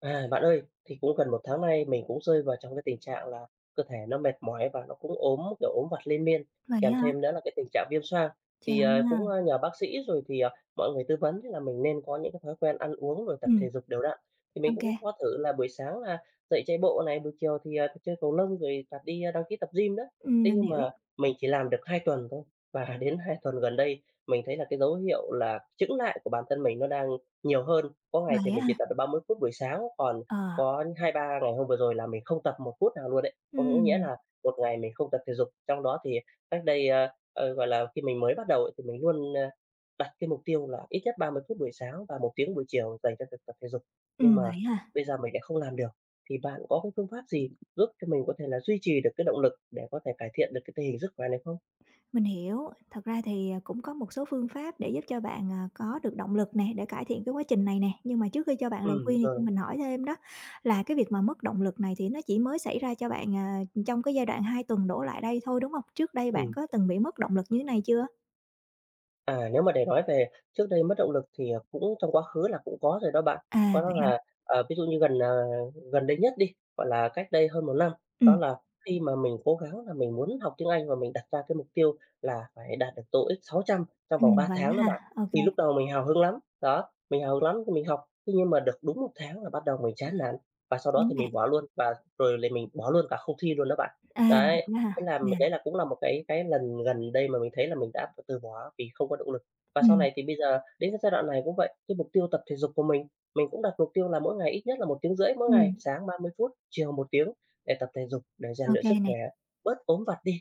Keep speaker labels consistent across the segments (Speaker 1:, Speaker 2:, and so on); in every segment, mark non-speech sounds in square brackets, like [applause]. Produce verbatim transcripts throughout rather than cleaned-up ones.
Speaker 1: À, bạn ơi, thì cũng gần một tháng nay mình cũng rơi vào trong cái tình trạng là cơ thể nó mệt mỏi và nó cũng ốm, kiểu, ốm vặt liên miên,
Speaker 2: Vậy
Speaker 1: kèm
Speaker 2: ha.
Speaker 1: thêm nữa là cái tình trạng viêm xoang. Thì, ờ, cũng
Speaker 2: Chà.
Speaker 1: nhờ bác sĩ rồi thì, ờ, mọi người tư vấn là mình nên có những cái thói quen ăn uống rồi tập
Speaker 2: Ừm.
Speaker 1: thể dục đều đặn, thì
Speaker 2: Ô
Speaker 1: mình cũng
Speaker 2: kê.
Speaker 1: có thử là buổi sáng là dậy chạy bộ này, buổi chiều thì, ờ, chơi cầu lông rồi tập đi, a đăng ký tập gym nữa.
Speaker 2: Ừm,
Speaker 1: Thế
Speaker 2: mình
Speaker 1: nhưng
Speaker 2: hiểu.
Speaker 1: mà mình chỉ làm được hai tuần thôi và đến hai tuần gần đây mình thấy là cái dấu hiệu là chững lại của bản thân mình nó đang nhiều hơn, có ngày thì
Speaker 2: Vậy á
Speaker 1: mình
Speaker 2: ha.
Speaker 1: chỉ tập được ba mươi phút buổi sáng, còn
Speaker 2: Ờ.
Speaker 1: có hai ba ngày hôm vừa rồi là mình không tập một phút nào luôn ấy. Có nghĩa
Speaker 2: Ừm.
Speaker 1: là một ngày mình không tập thể dục, trong đó thì cách đây, ờ, ờ, gọi là, khi mình mới bắt đầu thì mình luôn, ơ, đặt cái mục tiêu là ít nhất ba mươi phút buổi sáng và một tiếng buổi chiều dành cho việc tập thể dục, nhưng
Speaker 2: Ừm,
Speaker 1: mà
Speaker 2: vậy ha.
Speaker 1: bây giờ mình lại không làm được. Thì bạn có cái phương pháp gì giúp cho mình có thể là duy trì được cái động lực để có thể cải thiện được cái tình hình sức khỏe này không?
Speaker 2: Mình hiểu, thật ra thì, à, cũng có một số phương pháp để giúp cho bạn, à, có được động lực nè, để cải thiện cái quá trình này nè. Nhưng mà trước khi cho bạn lời
Speaker 1: Ừm,
Speaker 2: khuyên thì cho
Speaker 1: rồi.
Speaker 2: mình hỏi thêm đó, là cái việc mà mất động lực này thì nó chỉ mới xảy ra cho bạn, à, trong cái giai đoạn hai tuần đổ lại đây thôi, đúng hông? Trước đây bạn
Speaker 1: Ừm.
Speaker 2: có từng bị mất động lực như thế này chưa?
Speaker 1: À, nếu mà để nói về trước đây mất động lực thì, à, cũng trong quá khứ là cũng có rồi đó bạn. Có
Speaker 2: À,
Speaker 1: đó
Speaker 2: vậy hả?
Speaker 1: là, ờ, ví dụ như gần, ờ, gần đây nhất đi, gọi là, cách đây hơn một năm, đó
Speaker 2: Ừm.
Speaker 1: là khi mà mình cố gắng là mình muốn học tiếng Anh và mình đặt ra cái mục tiêu là phải đạt được TOEIC sáu trăm trong vòng
Speaker 2: Ừm.
Speaker 1: ba
Speaker 2: Vậy
Speaker 1: tháng
Speaker 2: á
Speaker 1: đó
Speaker 2: ha?
Speaker 1: bạn.
Speaker 2: Ô kê.
Speaker 1: Thì lúc đầu mình hào hứng lắm, đó, mình hào hứng lắm thì mình học. Thế nhưng mà được đúng một tháng là bắt đầu mình chán nản và sau đó
Speaker 2: Chán
Speaker 1: thì mình
Speaker 2: nản.
Speaker 1: bỏ luôn, và rồi thì mình bỏ luôn cả không thi luôn đó bạn.
Speaker 2: À,
Speaker 1: Đấy,
Speaker 2: [unintelligible]
Speaker 1: thế
Speaker 2: ha?
Speaker 1: là, ừm,
Speaker 2: Yeah.
Speaker 1: đấy cũng là một cái cái lần gần đây mà mình thấy là mình đã từ bỏ vì không có động lực. Và sau
Speaker 2: Ừm.
Speaker 1: này thì bây giờ đến cái giai đoạn này cũng vậy. Cái mục tiêu tập thể dục của mình, mình cũng đặt mục tiêu là mỗi ngày ít nhất là một tiếng rưỡi mỗi ngày,
Speaker 2: Ừm.
Speaker 1: sáng ba mươi phút, chiều một tiếng để tập thể dục, để rèn
Speaker 2: Ô
Speaker 1: luyện sức
Speaker 2: kê này.
Speaker 1: khỏe, bớt ốm vặt đi.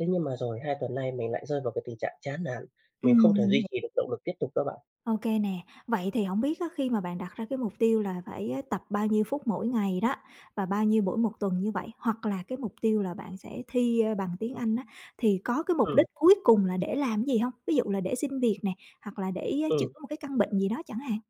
Speaker 1: Thế nhưng mà rồi hai tuần nay mình lại rơi vào cái tình trạng chán nản, mình không
Speaker 2: Ừm,
Speaker 1: thể
Speaker 2: mình
Speaker 1: duy
Speaker 2: hi
Speaker 1: trì được động lực tiếp tục đó bạn.
Speaker 2: Ô kê nè, vậy thì hổng biết á khi mà bạn đặt ra cái mục tiêu là phải á, tập bao nhiêu phút mỗi ngày đó và bao nhiêu mỗi một tuần như vậy hoặc là cái mục tiêu là bạn sẽ thi, ơ, bằng tiếng Anh á, thì có cái mục
Speaker 1: Ừm.
Speaker 2: đích cuối cùng là để làm cái gì hông? Ví dụ là để xin việc nè hoặc là để chữa
Speaker 1: Ừm.
Speaker 2: một cái căn bệnh gì đó chẳng hạn.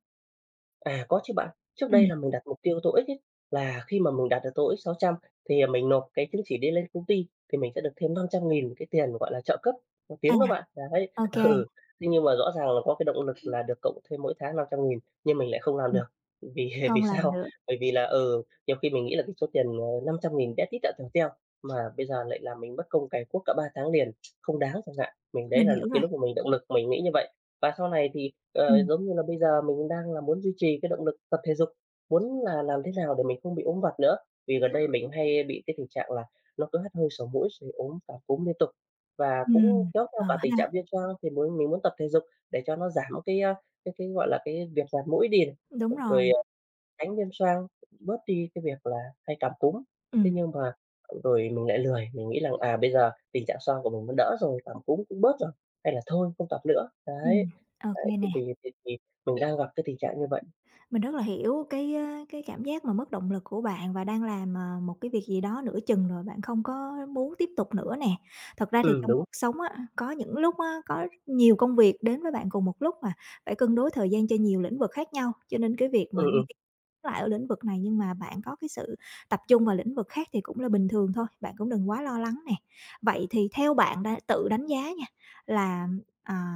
Speaker 1: À, có chứ bạn. Trước đây
Speaker 2: Ừm.
Speaker 1: là mình đặt mục tiêu TOEIC ấy, là khi mà mình đạt được TOEIC sáu trăm thì, à, mình nộp cái chứng chỉ đấy lên công ty thì mình sẽ được thêm năm trăm nghìn cái tiền, gọi là, trợ cấp học
Speaker 2: À,
Speaker 1: tiếng đó bạn, đấy.
Speaker 2: ô kê.
Speaker 1: Ừ, nhưng mà rõ ràng là có cái động lực là được cộng thêm mỗi tháng năm trăm nghìn nhưng mình lại không làm
Speaker 2: Ừm.
Speaker 1: được. Vì vì
Speaker 2: Không làm
Speaker 1: sao?
Speaker 2: được.
Speaker 1: Bởi vì là, ừ, nhiều khi mình nghĩ là cái số tiền, ờ, năm trăm nghìn bé tí tẹo tèo teo, mà bây giờ lại làm mình mất công cày cuốc cả ba tháng liền, không đáng chẳng hạn, mình đấy
Speaker 2: Mình
Speaker 1: là
Speaker 2: hiểu
Speaker 1: cái
Speaker 2: rồi.
Speaker 1: lúc mà mình động lực mình nghĩ như vậy. Và sau này thì, ờ,
Speaker 2: Ừm.
Speaker 1: giống như là, bây giờ mình đang là muốn duy trì cái động lực tập thể dục, muốn là làm thế nào để mình không bị ốm vặt nữa, vì gần đây mình cũng hay bị cái tình trạng là nó cứ hắt hơi sổ mũi rồi ốm và cúm liên tục, và cũng
Speaker 2: Ừm,
Speaker 1: kéo theo
Speaker 2: ờ
Speaker 1: cả tình trạng
Speaker 2: ha.
Speaker 1: viêm xoang. Thì muốn mình muốn tập thể dục để cho nó giảm cái, à, cái cái, gọi là, cái việc ngạt mũi đi,
Speaker 2: Đúng rồi.
Speaker 1: rồi, à, tránh viêm xoang, bớt đi cái việc là hay cảm cúm. Thế
Speaker 2: Ừm.
Speaker 1: nhưng mà, ờ, rồi mình lại lười, mình nghĩ rằng, à, bây giờ tình trạng xoang của mình nó đỡ rồi, cảm cúm cũng bớt rồi, hay là thôi không tập nữa. Đấy,
Speaker 2: Ừm, ô
Speaker 1: đấy
Speaker 2: kê
Speaker 1: thì
Speaker 2: nè.
Speaker 1: thì thì thì mình đang gặp cái tình trạng như vậy.
Speaker 2: Mình rất là hiểu cái, ơ, cái cảm giác mà mất động lực của bạn và đang làm, à, một cái việc gì đó nửa chừng rồi bạn không có muốn tiếp tục nữa nè. Thật ra thì
Speaker 1: Ừm,
Speaker 2: trong
Speaker 1: đúng.
Speaker 2: cuộc sống á, có những lúc á có nhiều công việc đến với bạn cùng một lúc mà phải cân đối thời gian cho nhiều lĩnh vực khác nhau, cho nên cái việc
Speaker 1: Ừ,
Speaker 2: mà
Speaker 1: ừ.
Speaker 2: [unintelligible] lại ở lĩnh vực này nhưng mà bạn có cái sự tập trung vào lĩnh vực khác thì cũng là bình thường thôi, bạn cũng đừng quá lo lắng nè. Vậy thì theo bạn đã tự đánh giá nha, là, à,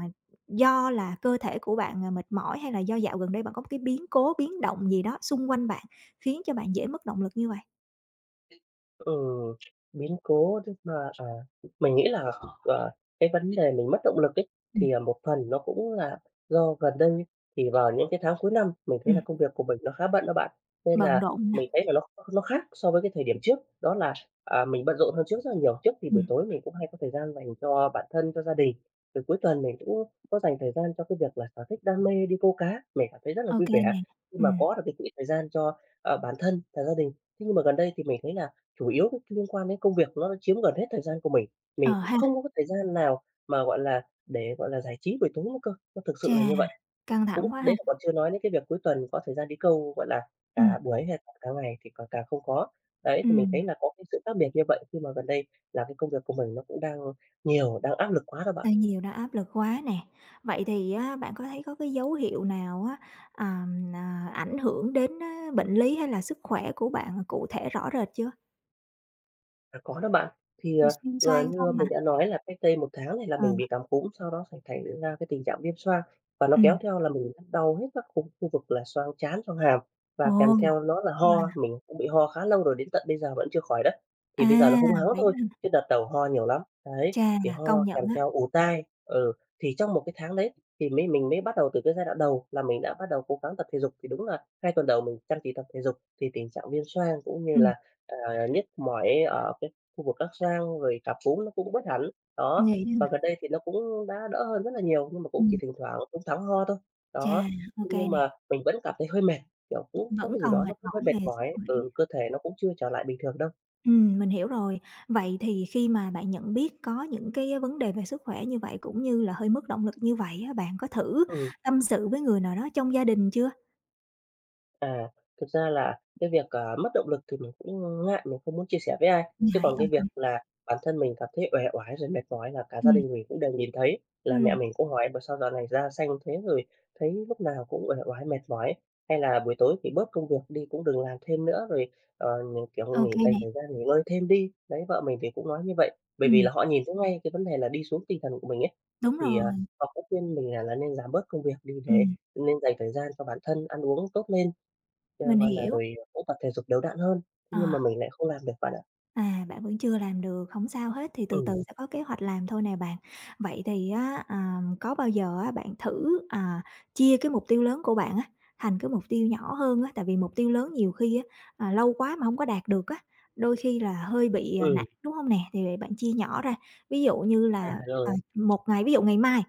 Speaker 2: do là cơ thể của bạn, ờ, mệt mỏi hay là do dạo gần đây bạn có cái biến cố, biến động gì đó xung quanh bạn khiến cho bạn dễ mất động lực như vậy?
Speaker 1: Ừ, biến cố chắc mà, à, mình nghĩ là, ờ, cái vấn đề mình mất động lực ấy,
Speaker 2: Ừm.
Speaker 1: thì, à, một phần nó cũng là do gần đây thì vào những cái tháng cuối năm, mình thấy là
Speaker 2: Ừm.
Speaker 1: công việc của mình nó khá bận đó bạn. Nên
Speaker 2: Bận
Speaker 1: là
Speaker 2: rộn nè.
Speaker 1: mình thấy là nó nó khác so với cái thời điểm trước đó là, à, mình bận rộn hơn trước rất là nhiều. Trước thì buổi
Speaker 2: Ừm.
Speaker 1: tối mình cũng hay có thời gian dành cho bản thân, cho gia đình, rồi cuối tuần mình cũng có dành thời gian cho cái việc là sở thích đam mê đi câu cá, mình cảm thấy rất là
Speaker 2: Ô
Speaker 1: vui
Speaker 2: kê
Speaker 1: vẻ
Speaker 2: nè,
Speaker 1: khi mà
Speaker 2: ừm.
Speaker 1: có được cái quỹ thời gian cho, a, bản thân và gia đình. Thế nhưng mà gần đây thì mình thấy là chủ yếu liên quan đến công việc nó chiếm gần hết thời gian của mình.
Speaker 2: Ờ
Speaker 1: Mình cũng
Speaker 2: ha.
Speaker 1: không có cái thời gian nào mà, gọi là, để, gọi là, giải trí buổi tối nữa cơ, nó thực
Speaker 2: Chà,
Speaker 1: sự là như vậy.
Speaker 2: căng
Speaker 1: [unintelligible] cũng
Speaker 2: thẳng quá ha.
Speaker 1: đấy còn chưa nói đến cái việc cuối tuần có thời gian đi câu, gọi là, cả
Speaker 2: Ừm.
Speaker 1: buổi hay cả ngày thì c càng không có. Đấy, thì mình thấy
Speaker 2: Ừm.
Speaker 1: là có cái sự khác biệt như vậy khi mà gần đây là cái công việc của mình nó cũng đang nhiều, đang áp lực quá đó bạn.
Speaker 2: Hơi nhiều đó, áp lực quá nè. Vậy thì á bạn có thấy có cái dấu hiệu nào á, ờm, à, ảnh hưởng đến, ơ, bệnh lý hay là sức khỏe của bạn cụ thể rõ rệt chưa?
Speaker 1: À, có đó bạn. Thì, ờ,
Speaker 2: [unintelligible] Viêm
Speaker 1: vừa
Speaker 2: xoang
Speaker 1: như
Speaker 2: không mà
Speaker 1: mình đã nói là cách đây một tháng thì là
Speaker 2: Ờ.
Speaker 1: mình bị cảm cúm, sau đó sẽ thành ra cái tình trạng viêm xoang và nó kéo
Speaker 2: Ừm.
Speaker 1: theo là mình đau nhức các cục khu vực là xoang trán, xoang hàm
Speaker 2: Ồ,
Speaker 1: và kèm theo đó là ho.
Speaker 2: wow.
Speaker 1: Mình cũng bị ho khá lâu rồi đến tận bây giờ vẫn chưa khỏi đấy. Thì
Speaker 2: À,
Speaker 1: bây giờ là húng hắng
Speaker 2: vậy
Speaker 1: thôi,
Speaker 2: ha.
Speaker 1: chứ đợt đầu ho nhiều lắm, đấy,
Speaker 2: Chà,
Speaker 1: thì ho
Speaker 2: công nhận
Speaker 1: kèm
Speaker 2: á.
Speaker 1: theo ù tai, ừ. Thì trong một cái tháng đấy thì mới mình mới bắt đầu từ cái giai đoạn đầu là mình đã bắt đầu cố gắng tập thể dục, thì đúng là hai tuần đầu mình chăm chỉ tập thể dục thì tình trạng viêm xoang cũng như
Speaker 2: Ừm.
Speaker 1: là, à, nhức mỏi ở cái khu vực các xoang rồi cảm cúm nó cũng bớt hẳn. Đó,
Speaker 2: Nghỉ, ơ
Speaker 1: và gần đây thì nó cũng đã đỡ hơn rất là nhiều, nhưng mà cũng chỉ
Speaker 2: Ừm.
Speaker 1: thỉnh thoảng húng thắng ho thôi. Đó,
Speaker 2: Chà, ô kê
Speaker 1: nhưng
Speaker 2: nè.
Speaker 1: mà mình vẫn cảm thấy hơi mệt, kiểu, cũng có
Speaker 2: Vẫn
Speaker 1: cái gì
Speaker 2: còn
Speaker 1: đó
Speaker 2: mệt
Speaker 1: nó cũng hơi
Speaker 2: mỏi
Speaker 1: mệt
Speaker 2: về sức
Speaker 1: mỏi,
Speaker 2: khỏe.
Speaker 1: ừ, cơ thể nó cũng chưa trở lại bình thường đâu.
Speaker 2: Ừm, mình hiểu rồi, vậy thì khi mà bạn nhận biết có những cái vấn đề về sức khỏe như vậy cũng như là hơi mất động lực như vậy á, bạn có thử
Speaker 1: Ừm.
Speaker 2: tâm sự với người nào đó trong gia đình chưa?
Speaker 1: À, thực ra là cái việc, à, mất động lực thì mình cũng, ưm, ngại, mình không muốn chia sẻ với ai. Chứ
Speaker 2: Ngại,
Speaker 1: còn
Speaker 2: ô
Speaker 1: cái việc
Speaker 2: kê.
Speaker 1: là bản thân mình cảm thấy uể oải rồi mệt mỏi là cả gia
Speaker 2: Ừm.
Speaker 1: đình mình cũng đều nhìn thấy, là mẹ
Speaker 2: Ừm.
Speaker 1: mình cũng hỏi mà sao dạo này da xanh thế, rồi thấy lúc nào cũng uể oải mệt mỏi, hay là buổi tối thì bớt công việc đi cũng đừng làm thêm nữa rồi, ờ, mình,
Speaker 2: Ô
Speaker 1: kiểu, nghỉ
Speaker 2: kê
Speaker 1: dành
Speaker 2: nè.
Speaker 1: thời gian nghỉ ngơi thêm đi. Đấy, vợ mình thì cũng nói như vậy, bởi vì
Speaker 2: Ừm.
Speaker 1: là họ nhìn thấy ngay cái vấn đề là đi xuống tinh thần của mình ấy.
Speaker 2: Đúng
Speaker 1: Thì, à,
Speaker 2: rồi.
Speaker 1: họ cũng khuyên mình là là nên giảm bớt công việc đi để
Speaker 2: Ừm.
Speaker 1: nên dành thời gian cho bản thân ăn uống tốt lên, cha
Speaker 2: Mình
Speaker 1: gọi là,
Speaker 2: hiểu.
Speaker 1: rồi cũng tập thể dục đều đặn hơn, thế nhưng
Speaker 2: Ờ.
Speaker 1: mà mình lại không làm được bạn ạ.
Speaker 2: À, bạn vẫn chưa làm được, hổng sao hết thì từ từ
Speaker 1: Ừ.
Speaker 2: sẽ có kế hoạch làm thôi nè bạn. Vậy thì á, à, có bao giờ á bạn thử, à, chia cái mục tiêu lớn của bạn á thành cái mục tiêu nhỏ hơn á, tại vì mục tiêu lớn nhiều khi á, à, lâu quá mà hông có đạt được á, đôi khi là hơi bị, à,
Speaker 1: Ừ.
Speaker 2: nản, đúng hông nè? Thì vậy bạn chia nhỏ ra, ví dụ như
Speaker 1: À,
Speaker 2: là, à,
Speaker 1: rồi.
Speaker 2: một ngày ví dụ ngày mai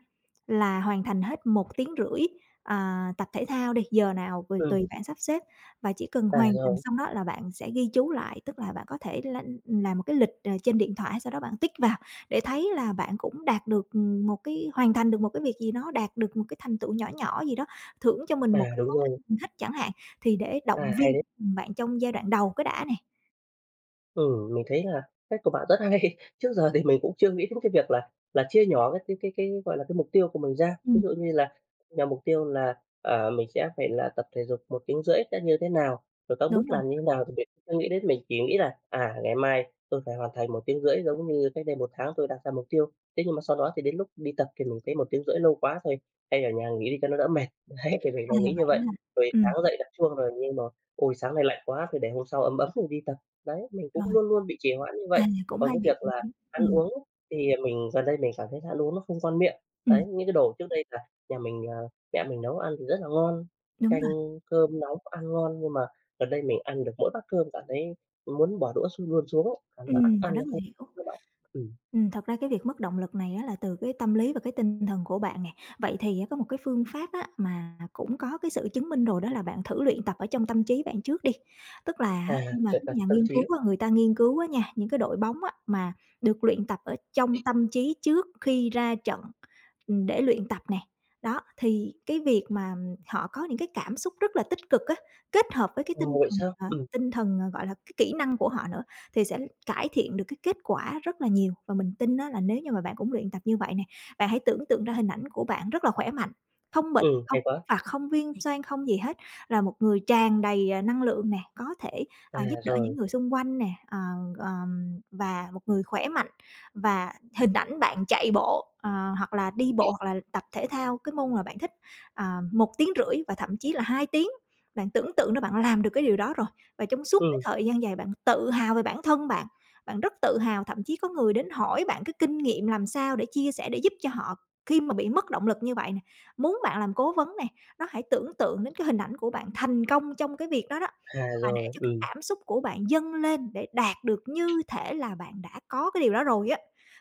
Speaker 2: là hoàn thành hết một tiếng rưỡi, à, tập thể thao đi, giờ nào thì
Speaker 1: Ừ.
Speaker 2: tùy bạn sắp xếp và chỉ cần
Speaker 1: À,
Speaker 2: hoàn thành
Speaker 1: rồi.
Speaker 2: xong đó là bạn sẽ ghi chú lại. Tức là bạn có thể l làm một cái lịch, à, trên điện thoại hay sao đó bạn tích vào để thấy là bạn cũng đạt được, ừm, một cái hoàn thành được một cái việc gì đó, đạt được một cái thành tựu nhỏ nhỏ gì đó, thưởng cho mình một
Speaker 1: À,
Speaker 2: cái
Speaker 1: đúng
Speaker 2: món
Speaker 1: rồi.
Speaker 2: ăn mình thích chẳng hạn, thì để
Speaker 1: À,
Speaker 2: động
Speaker 1: hay
Speaker 2: viên,
Speaker 1: đấy.
Speaker 2: ừm, bạn trong giai đoạn đầu cái đã nè.
Speaker 1: Ừ, mình thấy là cách của bạn rất hay. Trước giờ thì mình cũng chưa nghĩ đến cái việc là là chia nhỏ cái cái cái cái, gọi là, cái mục tiêu của mình ra. Ví
Speaker 2: Ừm.
Speaker 1: dụ như là, à, mục tiêu là, à, mình sẽ phải là tập thể dục một tiếng rưỡi sẽ như thế nào, rồi các
Speaker 2: Đúng
Speaker 1: bước
Speaker 2: rồi.
Speaker 1: làm như nào thì mình chưa nghĩ đến, mình chỉ nghĩ là, "À, ngày mai tôi phải hoàn thành một tiếng rưỡi giống như cách đây một tháng tôi đặt ra mục tiêu." Thế nhưng mà sau đó thì đến lúc đi tập thì mình thấy "một tiếng rưỡi lâu quá, thôi, hay ở nhà nghỉ đi cho nó đỡ mệt." Đấy, thì mình đã
Speaker 2: À,
Speaker 1: nghĩ
Speaker 2: vậy
Speaker 1: như vậy.
Speaker 2: đó ha.
Speaker 1: Rồi
Speaker 2: Ừm.
Speaker 1: sáng dậy đặt chuông rồi nhưng mà, "Ôi, sáng nay lạnh quá thôi để hôm sau ấm ấm rồi đi tập." Đấy, mình
Speaker 2: Rồi.
Speaker 1: cũng luôn luôn bị trì hoãn như
Speaker 2: À,
Speaker 1: vậy.
Speaker 2: cũng
Speaker 1: Còn
Speaker 2: hay
Speaker 1: cái
Speaker 2: bị
Speaker 1: việc
Speaker 2: trì
Speaker 1: là
Speaker 2: hoãn.
Speaker 1: ăn
Speaker 2: Ừm.
Speaker 1: uống thì mình gần đây mình cảm thấy ăn uống nó không ngon miệng.
Speaker 2: Ừm.
Speaker 1: Đấy, những cái đồ trước đây là nhà mình, à, mẹ mình nấu ăn thì rất là ngon,
Speaker 2: Đúng
Speaker 1: canh
Speaker 2: rồi.
Speaker 1: cơm nóng ăn ngon, nhưng mà gần đây mình ăn được mỗi bát cơm cảm thấy muốn bỏ đũa x luôn xuống ấy, à,
Speaker 2: Ừm,
Speaker 1: nó ắt
Speaker 2: mình
Speaker 1: ăn,
Speaker 2: rất
Speaker 1: nó
Speaker 2: là
Speaker 1: không.
Speaker 2: hiểu.
Speaker 1: [unintelligible] Ừm.
Speaker 2: Ừm, thật ra cái việc mất động lực này á là từ cái tâm lý và cái tinh thần của bạn nè. Vậy thì á có một cái phương pháp á mà cũng có cái sự chứng minh rồi đó là bạn thử luyện tập ở trong tâm trí bạn trước đi. Tức là
Speaker 1: À,
Speaker 2: á khi mà
Speaker 1: luyện
Speaker 2: các
Speaker 1: tập
Speaker 2: nhà
Speaker 1: tâm
Speaker 2: nghiên cứu
Speaker 1: trí.
Speaker 2: á, người ta nghiên cứu á nha, những cái đội bóng á mà được luyện tập ở trong tâm trí trước khi ra trận, ừm, để luyện tập nè, đó, thì cái việc mà họ có những cái cảm xúc rất là tích cực á, kết hợp với cái tinh
Speaker 1: Ồ, vậy
Speaker 2: thần,
Speaker 1: sao?
Speaker 2: ờ,
Speaker 1: Ừm.
Speaker 2: tinh thần, gọi là, cái kỹ năng của họ nữa thì sẽ cải thiện được cái kết quả rất là nhiều và mình tin á là nếu như mà bạn cũng luyện tập như vậy nè. Bạn hãy tưởng tượng ra hình ảnh của bạn rất là khỏe mạnh, không bệnh,
Speaker 1: Ừ,
Speaker 2: không
Speaker 1: hay quá.
Speaker 2: phạt, không viêm xoang, không gì hết, là một người tràn đầy, à, năng lượng nè, có thể,
Speaker 1: À,
Speaker 2: à, giúp đỡ những
Speaker 1: rồi.
Speaker 2: người xung quanh nè, ờ, ờm, và một người khỏe mạnh và hình ảnh bạn chạy bộ, ờ, hoặc là đi bộ, hoặc là tập thể thao cái môn mà bạn thích, à, một tiếng rưỡi và thậm chí là hai tiếng. Bạn tưởng tượng ra bạn làm được cái điều đó rồi, và trong suốt cái
Speaker 1: Ừm.
Speaker 2: thời gian dài bạn tự hào về bản thân bạn, bạn rất tự hào. Thậm chí có người đến hỏi bạn cái kinh nghiệm làm sao để chia sẻ để giúp cho họ khi mà bị mất động lực như vậy nè, muốn bạn làm cố vấn nè. Đó, hãy tưởng tượng đến cái hình ảnh của bạn thành công trong cái việc đó đó,
Speaker 1: À,
Speaker 2: và để
Speaker 1: rồi,
Speaker 2: cho cái
Speaker 1: ừm.
Speaker 2: cảm xúc của bạn dâng lên để đạt được như thể là bạn đã có cái điều đó rồi á.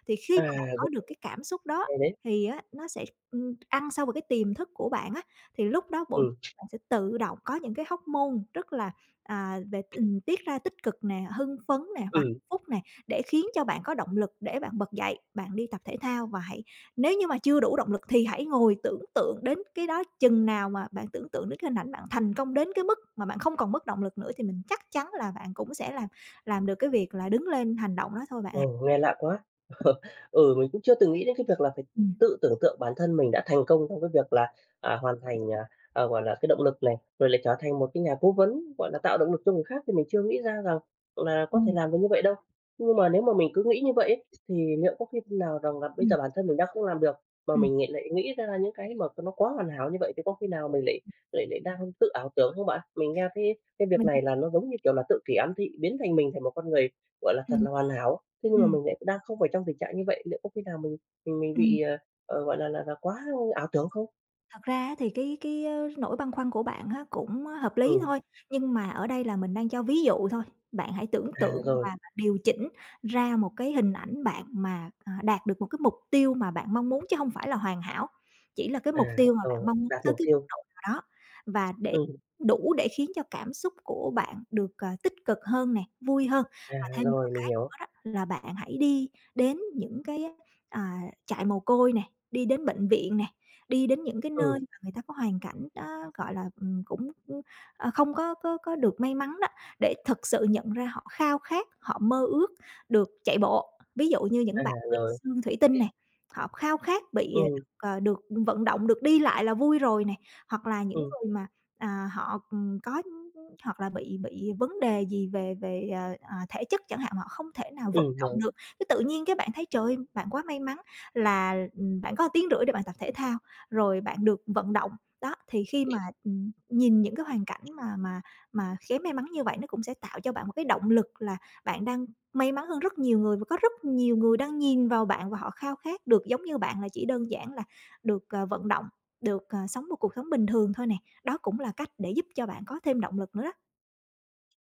Speaker 2: Thì khi
Speaker 1: À,
Speaker 2: mà bạn
Speaker 1: r
Speaker 2: có được cái cảm xúc đó
Speaker 1: hay đấy.
Speaker 2: thì á nó sẽ, ừm, ăn sâu vào cái tiềm thức của bạn á, thì lúc đó bộ
Speaker 1: Ừm.
Speaker 2: sẽ tự động có những cái hormone rất là, à, về t tiết ra tích cực nè, hưng phấn nè và hạnh
Speaker 1: Ừm.
Speaker 2: phúc nè, để khiến cho bạn có động lực để bạn bật dậy bạn đi tập thể thao. Và hãy nếu như mà chưa đủ động lực thì hãy ngồi tưởng tượng đến cái đó chừng nào mà bạn tưởng tượng đến cái hình ảnh bạn thành công đến cái mức mà bạn không còn mất động lực nữa thì mình chắc chắn là bạn cũng sẽ làm làm được cái việc là đứng lên hành động đó thôi bạn
Speaker 1: Ừ,
Speaker 2: ạ.
Speaker 1: nghe lạ quá. [chuckles] Ừ, mình cũng chưa từng nghĩ đến cái việc là phải
Speaker 2: Ừm.
Speaker 1: tự tưởng tượng bản thân mình đã thành công trong cái việc là, à, hoàn thành, à, à, gọi là, cái động lực này, rồi lại trở thành một cái nhà cố vấn, gọi là, tạo động lực cho người khác thì mình chưa nghĩ ra rằng là có thể
Speaker 2: Ừm.
Speaker 1: làm được như vậy đâu. Nhưng mà nếu mà mình cứ nghĩ như vậy ấy thì liệu có khi nào rằng là bây
Speaker 2: Ừm.
Speaker 1: giờ bản thân mình đang không làm được, mà
Speaker 2: Ừm.
Speaker 1: mình ng lại nghĩ ra những cái mà nó quá hoàn hảo như vậy thì có khi nào mình lại lại lại đang tự ảo tưởng không bạn? Mình nghe thấy cái việc
Speaker 2: Mình
Speaker 1: này
Speaker 2: h
Speaker 1: là nó giống như, kiểu là, tự kỷ ám thị, biến thành mình thành một con người, gọi là, thật
Speaker 2: Ừm.
Speaker 1: là hoàn hảo, thế nhưng mà
Speaker 2: Ừm.
Speaker 1: mình lại đang không phải trong tình trạng như vậy. Liệu có khi nào mình mình
Speaker 2: Ừm.
Speaker 1: bị, à, à, gọi là là là quá ảo tưởng không?
Speaker 2: Thật ra á, thì cái cái á, nỗi băn khoăn của bạn á, cũng hợp lý
Speaker 1: Ừ.
Speaker 2: thôi, nhưng mà ở đây là mình đang cho ví dụ thôi, bạn hãy tưởng
Speaker 1: À,
Speaker 2: tượng và
Speaker 1: rồi.
Speaker 2: bạn điều chỉnh ra một cái hình ảnh bạn mà, à, đạt được một cái mục tiêu mà bạn mong muốn, chứ hông phải là hoàn hảo, chỉ là cái
Speaker 1: À,
Speaker 2: mục tiêu mà bạn
Speaker 1: rồi,
Speaker 2: mong
Speaker 1: đạt
Speaker 2: tới
Speaker 1: mục
Speaker 2: cái mức
Speaker 1: tiêu.
Speaker 2: độ nào đó và để
Speaker 1: Ừm.
Speaker 2: đủ để khiến cho cảm xúc của bạn được, ờ, tích cực hơn nè, vui hơn.
Speaker 1: À,
Speaker 2: Và thêm một
Speaker 1: rồi
Speaker 2: cái
Speaker 1: mình hiểu.
Speaker 2: nữa đó là bạn hãy đi đến những cái á, ờ, trại mồ côi nè, đi đến bệnh viện nè, đi đến những cái nơi
Speaker 1: Ừ.
Speaker 2: mà người ta có hoàn cảnh đó, gọi là, ừm, cũng, ưm, ơ, không có có có được may mắn đó, để thực sự nhận ra họ khao khát, họ mơ ước được chạy bộ. Ví dụ như
Speaker 1: À,
Speaker 2: những bạn bị
Speaker 1: rồi.
Speaker 2: xương thủy tinh nè, họ khao khát bị
Speaker 1: Ừ.
Speaker 2: ờ, ờ, được vận động, được đi lại là vui rồi nè. Hoặc là những
Speaker 1: Ừ.
Speaker 2: người mà, à, họ, ừm, có hoặc là bị bị vấn đề gì về về, ờ, ờ, thể chất chẳng hạn, họ không thể nào vận
Speaker 1: Ừm,
Speaker 2: động
Speaker 1: rồi.
Speaker 2: được, cái tự nhiên cái bạn thấy, trời ơi, bạn quá may mắn là, ừm, bạn có tiếng rưỡi để bạn tập thể thao rồi bạn được vận động. Đó, thì khi mà, ừm, nhìn những cái hoàn cảnh mà mà mà kém may mắn như vậy nó cũng sẽ tạo cho bạn một cái động lực là bạn đang may mắn hơn rất nhiều người và có rất nhiều người đang nhìn vào bạn và họ khao khát được giống như bạn, là chỉ đơn giản là được, ờ, vận động, được, ờ, sống một cuộc sống bình thường thôi nè. Đó cũng là cách để giúp cho bạn có thêm động lực nữa đó.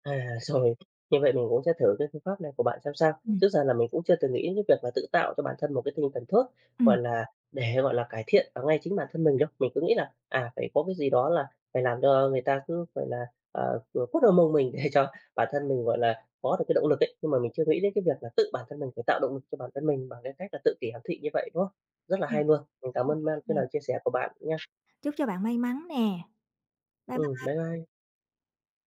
Speaker 1: À, rồi, như vậy mình cũng sẽ thử cái phương pháp này của bạn xem sao. Trước
Speaker 2: Ừm.
Speaker 1: giờ là mình cũng chưa từng nghĩ đến việc là tự tạo cho bản thân một cái tinh thần thuốc, gọi
Speaker 2: Ừm.
Speaker 1: là, để, gọi là, cải thiện ở ngay chính bản thân mình đâu. Mình cứ nghĩ là, à, phải có cái gì đó là phải làm cho người ta cứ, gọi là, ờ, qu quất vào mông mình để cho bản thân mình, gọi là, có được cái động lực ấy, nhưng mà mình chưa nghĩ đến cái việc là tự bản thân mình phải tạo động lực cho bản thân mình bằng cái cách là tự kỷ ám thị như vậy, đúng không? Rất là
Speaker 2: Ừm,
Speaker 1: hay luôn. Mình
Speaker 2: ô
Speaker 1: cảm ơn
Speaker 2: kê
Speaker 1: man cái
Speaker 2: nè.
Speaker 1: lời chia sẻ của bạn nha.
Speaker 2: Chúc cho bạn may mắn nè. Bye
Speaker 1: Ừm,
Speaker 2: bye.
Speaker 1: bye bye.